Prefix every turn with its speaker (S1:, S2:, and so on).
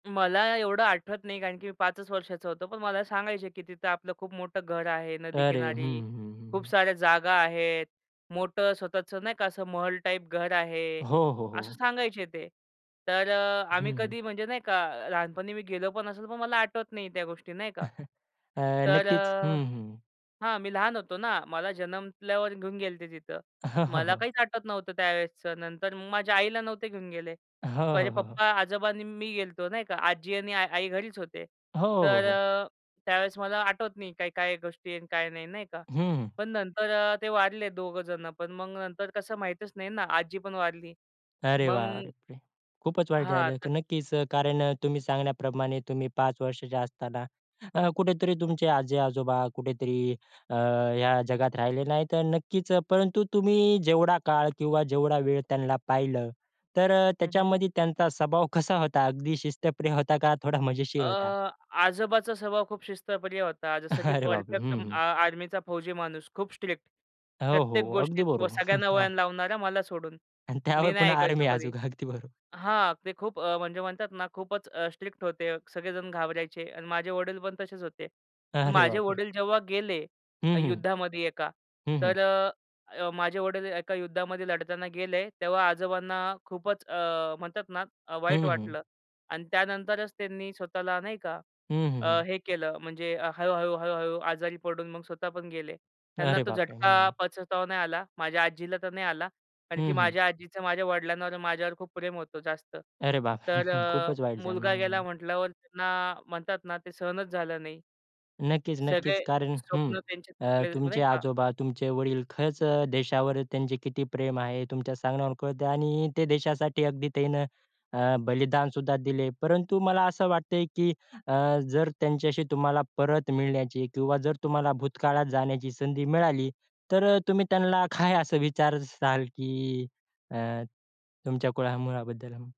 S1: मला एवढं आठवत नाही. कारण की मी 5 वर्षाचा होतो. पण मला सांगायचे, की तिथं आपलं खूप मोठं घर आहे
S2: अरे! हं,
S1: नदीकिनारी.
S2: हं, हं,
S1: खूप
S2: हं.
S1: साऱ्या जागा आहेत. मोठं स्वतःचं नाही का असं महल टाईप घर आहे,
S2: हो, हो,
S1: असं
S2: हो.
S1: सांगायचे ते. तर अ,
S2: हं,
S1: आम्ही
S2: हं.
S1: कधी म्हणजे नाही का, लहानपणी मी गेलो पण असेल, पण मला आठवत नाही त्या गोष्टी नाही का.
S2: अ,
S1: तर
S2: नक्कीच.
S1: अ
S2: हं, हं.
S1: हां, मी लहान होतो ना, मला जन्मल्यावर घेऊन गेले ते तिथं.
S2: हं, हं.
S1: मला
S2: हो.
S1: काहीच आठवत नव्हतं त्यावेळेसचं. नंतर माझ्या आईला नव्हतं घेऊन गेले.
S2: हो,
S1: माझे
S2: हो, हो, हो.
S1: पप्पा, आजोबा आणि मी गेलतो नाही का. आज्जी आणि आई घरीच होते.
S2: हो, हो,
S1: तर
S2: हो.
S1: अ, त्यावेळेस मला आठवत नाही काय-काय गोष्टी आहेत, काय नाही, नाही का,
S2: हं.
S1: पण नंतर ते वारले दोघं जणं. पण मग नंतर कसं माहीतच नाही ना. आजी पण वारली.
S2: अरे
S1: मग
S2: बापरे! खूपच वाईट
S1: हां,
S2: झालं. तर
S1: तर
S2: नक्कीच, कारण अ, तुम्ही सांगितल्याप्रमाणे तुम्ही 5 वर्षाचे असताना, अ, कुठेतरी तुमचे आज्जी-आजोबा कुठेतरी अ, ह्या जगात राहिले नाहीत अन् नक्कीच, परंतु तुम्ही जेवढा काळ किंवा जेवढा वेळ त्यांना पाहिलं, तर अ,
S1: हं, हं.
S2: त्याच्यामध्ये त्यांचा स्वभाव कसा होता? अगदी शिस्तप्रिय होता का, थोडा
S1: अ,
S2: मजेशीर होता?
S1: आजोबांचा स्वभाव खूप शिस्तप्रिय होता. जसं की
S2: अरे बापरे!
S1: परफेक्ट
S2: हं,
S1: अ
S2: हं.
S1: आर्मीचा फौजी माणूस, खूप स्ट्रिक्ट.
S2: हो,
S1: प्रत्येक
S2: हो. अगदी
S1: गोष्टीत व
S2: बरो
S1: सगळ्यांना वळण लावणारा, मला सोडून.
S2: अन्
S1: मी
S2: त्यावर
S1: नाही
S2: पुन्हा आर्मी
S1: ऐकायचो कधी.
S2: अजून, अगदी बरो
S1: हां, ते खूप अ, म्हणजे म्हणतात ना, खूपच स्ट्रिक्ट होते. सगळेजण घाबरायचे अन् माझे वडील पण तसेच होते.
S2: अरे
S1: माझे
S2: बापरे!
S1: वडील जेव्हा गेले
S2: हं, हं,
S1: युद्धामध्ये एका
S2: हं, हं.
S1: तर अ, अ, माझे वडील एका युद्धामध्ये लढताना गेले, तेव्हा आजोबांना खूपच अ, म्हणतात ना अ,
S2: हं,
S1: वाईट
S2: हं, हं.
S1: वाटलं अन् त्यानंतरच त्यांनी स्वतःला नाही का,
S2: हं, हं,
S1: अ,
S2: हं.
S1: हे केलं म्हणजे हळू-हळू, हळू-हळू आजारी पडून मग स्वतः पण गेले. त्यांना
S2: अरे
S1: तो
S2: बापरे!
S1: झटका
S2: हं.
S1: पचवता नाही आला. माझ्या आज्जीला तर नाही आला. आणखी
S2: हं, हं.
S1: माझ्या आज्जीचं माझ्या वडिलांवर माझ्यावर खूप प्रेम होतं, जास्त.
S2: अरे बाप!
S1: तर अ,
S2: खूपच वाईट झालं.
S1: मुलगा
S2: हं,
S1: गेला
S2: हं.
S1: म्हटल्यावर त्यांना, म्हणतात ना, ते सहनच झालं नाही.
S2: नक्कीच, नक्कीच.
S1: सगळे
S2: कारण हं.
S1: स्वप्न त्यांचे
S2: अ,
S1: तुटले,
S2: तुमचे
S1: नाही का?
S2: आजोबा, तुमचे वडील खरंच अ, देशावर त्यांचं किती प्रेम आहे तुमच्या सांगण्यावर कळतं आणि ते देशासाठी अगदी त्यांनी अ, बलिदान सुद्धा दिलं. परंतु मला असं वाटतं आहे, की अ, जर त्यांच्याशी तुम्हाला परत मिळण्याची किंवा जर तुम्हाला भूतकाळात जाण्याची संधी मिळाली, तर अ, तुम्ही त्यांना काय असं विचाराल? की अ, तुमच्या कुळामुळाबद्दल?